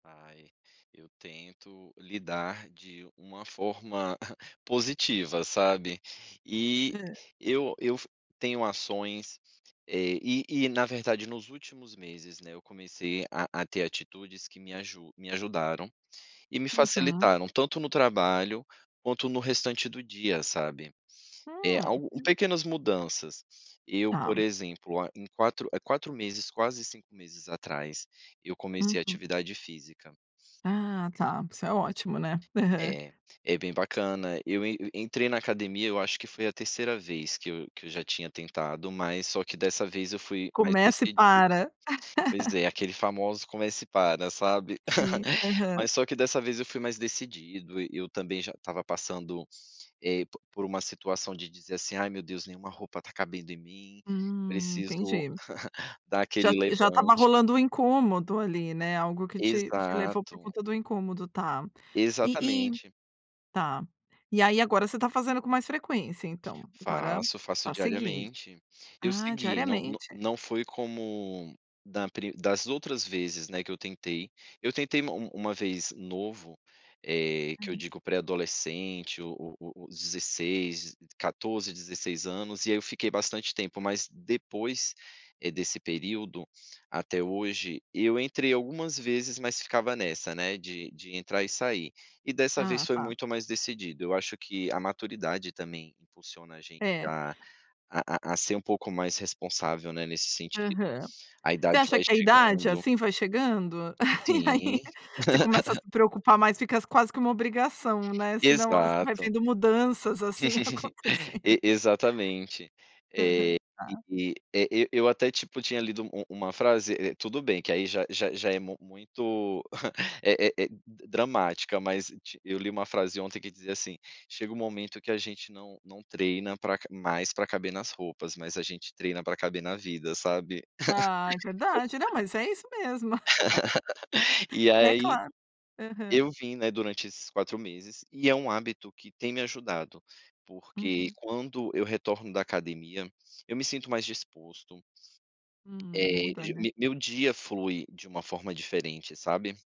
Ai, eu tento lidar de uma forma positiva, sabe. E Hã. eu eu f tenho ações, eh, e e na verdade, nos últimos meses, né, eu comecei a a ter atitudes que me aju me ajudaram, e me Uhum. facilitaram, tanto no trabalho, quanto no restante do dia, sabe. Eh, Hum. al pequenas mudanças. Eu, por Tá. exemplo, ah, em 4, eh, 4 meses, quase 5 meses atrás, eu comecei Uhum. atividade física. Ah, tá. Isso é ótimo, né. Aham. É, é bem bacana. Eu e entrei na academia, eu acho que foi a 3ª vez que eu que eu já tinha tentado, mas só que dessa vez eu fui mais Começa e decidido. para. Pois é, aquele famoso "começa e para", sabe. Sim. Aham. Mas só que dessa vez eu fui mais decidido, e eu também já estava passando, eh, p por uma situação de dizer assim: "Ai meu Deus, nenhuma roupa tá cabendo em mim. Hum, Preciso entendi. dar Já aquele t já estava levante". rolando um incômodo, ali, né, algo que te te levou por Exato. conta do incômodo. Tá. E e Exatamente. tá. E aí agora você tá fazendo com mais frequência, então? Agora Faço, faço tá seguindo. diariamente. Eu Ah, segui, n n diariamente? não foi como da pri das outras vezes, né, que eu tentei. Eu tentei ma uma vez novo, eh, que eu Hum. digo pré-adolescente, o o o 16, 14, 16 anos, e aí eu fiquei bastante tempo, mas depois, eh, desse período até hoje, eu entrei algumas vezes, mas ficava nessa, né, de de entrar e sair. E dessa vez Ah, foi tá. muito mais decidido. Eu acho que a maturidade, também, impulsiona a gente É. a a a a ser um pouco mais responsável, né, nesse sentido. Aham. A Você idade acha vai que a idade, chegando. assim, vai chegando? E aí Sim. você começa a se preocupar mais, fica s quase que uma obrigação, né, senão as vai Exato. vendo mudanças, assim, acontecendo. E exatamente. Eh, Aham, e tá. e, eh, eu eu até, tipo, tinha lido u uma frase, eh, tudo bem que aí já já já é mu muito, eh eh, d dramática, mas ti eu li uma frase ontem que dizia assim: "Chega um momento que a gente não não treina pra ca mais pra caber nas roupas, mas a gente treina pra caber na vida", sabe. Ah, é verdade. Não, mas é isso mesmo. E É aí claro. Aham. eu vim, né, durante esses 4 meses, e é um hábito que tem me ajudado, porque Uhum. quando eu retorno da academia, eu me sinto mais disposto. Hum, Eh, muda, g né. me meu dia flui de uma forma diferente, sabe.